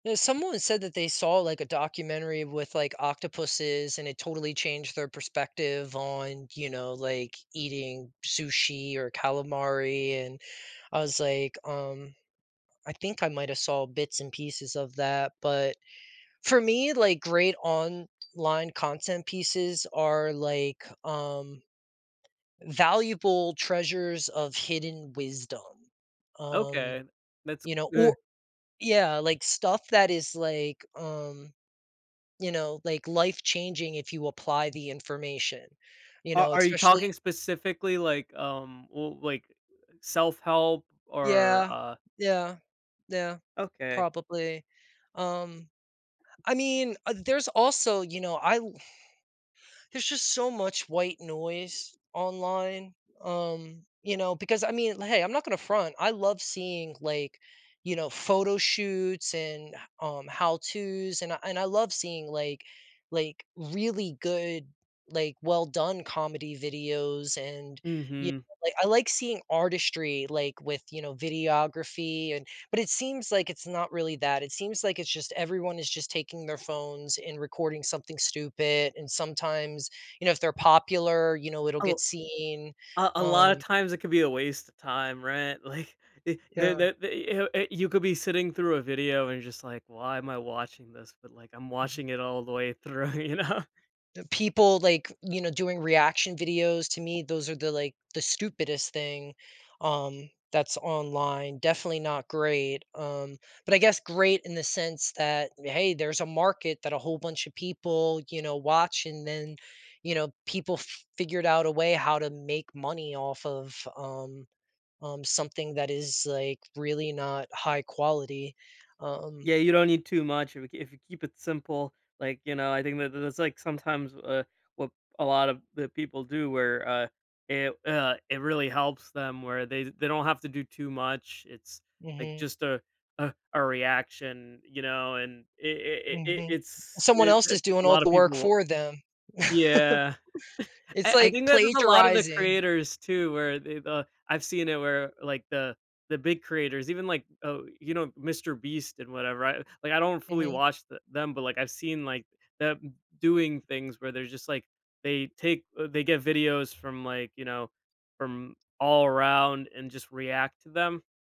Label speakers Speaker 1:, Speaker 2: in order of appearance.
Speaker 1: No, someone said that they saw, like, a documentary with, like, octopuses, and it totally changed their perspective on, you know, like, eating sushi or calamari. And I was, like, um, "I think I might have saw bits and pieces of that." But for me, like, great online content pieces are, like, um, valuable treasures of hidden wisdom. Um,
Speaker 2: Okay. That's
Speaker 1: you know
Speaker 2: ugh.
Speaker 1: or yeah, like, stuff that is, like, um, you know, like, life changing if you apply the information, you
Speaker 2: A
Speaker 1: know,
Speaker 2: are you
Speaker 1: especially
Speaker 2: talking
Speaker 1: at
Speaker 2: specifically, like, um, well, like, self-help or,
Speaker 1: Yeah.
Speaker 2: uh
Speaker 1: Yeah. Yeah.
Speaker 2: Okay.
Speaker 1: Probably. Um, I mean, uh, there's also, you know, I'll there's just so much white noise online, um, you know, because I mean, hey, I'm not gonna front. I love seeing like, you know, photo shoots and um, how-tos and I and I love seeing like, like, really good, like, well done comedy videos. And you know,
Speaker 2: Mhm.
Speaker 1: I like seeing artistry, like with, you know, videography and but it seems like it's not really that. It seems like it's just everyone is just taking their phones and recording something stupid. And sometimes, you know, if they're popular, you know, it'll
Speaker 2: A
Speaker 1: get seen.
Speaker 2: a a lot of
Speaker 1: Um
Speaker 2: times it could be a waste of time, right? Like, it the
Speaker 1: Yeah.
Speaker 2: the the i uh, you could be sitting through a video and just like, why am I watching this? But, like, I'm
Speaker 1: Mhm.
Speaker 2: watching it all the way through, you know?
Speaker 1: The people, like, you know, doing reaction videos to me, those are the, like, the stupidest thing, um, that's online. Definitely not great. Um, but I guess great in the sense that, hey, there's a market that a whole bunch of people, you know, watch and then, you know, people figured out a way how to make money off of, um, something that is, like, really not high quality. Um
Speaker 2: Yeah, you don't need too much if you kee if you keep it simple. Like, you know, I think that that's, like, sometimes, uh, what a lot of the people do where, uh, it, uh, it really helps them where they they don't have to do too much. It's, like,
Speaker 1: Mhm.
Speaker 2: just a a a reaction, you know, and it it it
Speaker 1: Mhm,
Speaker 2: it's
Speaker 1: someone
Speaker 2: it
Speaker 1: else
Speaker 2: a
Speaker 1: is doing all
Speaker 2: lot of
Speaker 1: the work
Speaker 2: people
Speaker 1: for them.
Speaker 2: Yeah.
Speaker 1: It's
Speaker 2: I I
Speaker 1: like
Speaker 2: think that there's a lot of the
Speaker 1: plagiarizing.
Speaker 2: creators too where they the I've seen it where, like, the the big creators, even, like, oh, you know, Mr. Beast and whatever. I, like, I don't fully
Speaker 1: Mhm.
Speaker 2: watch the them, but, like, I've seen, like, them doing things where they're just, like, they take they get videos from, like, you know, from all around and just react to them.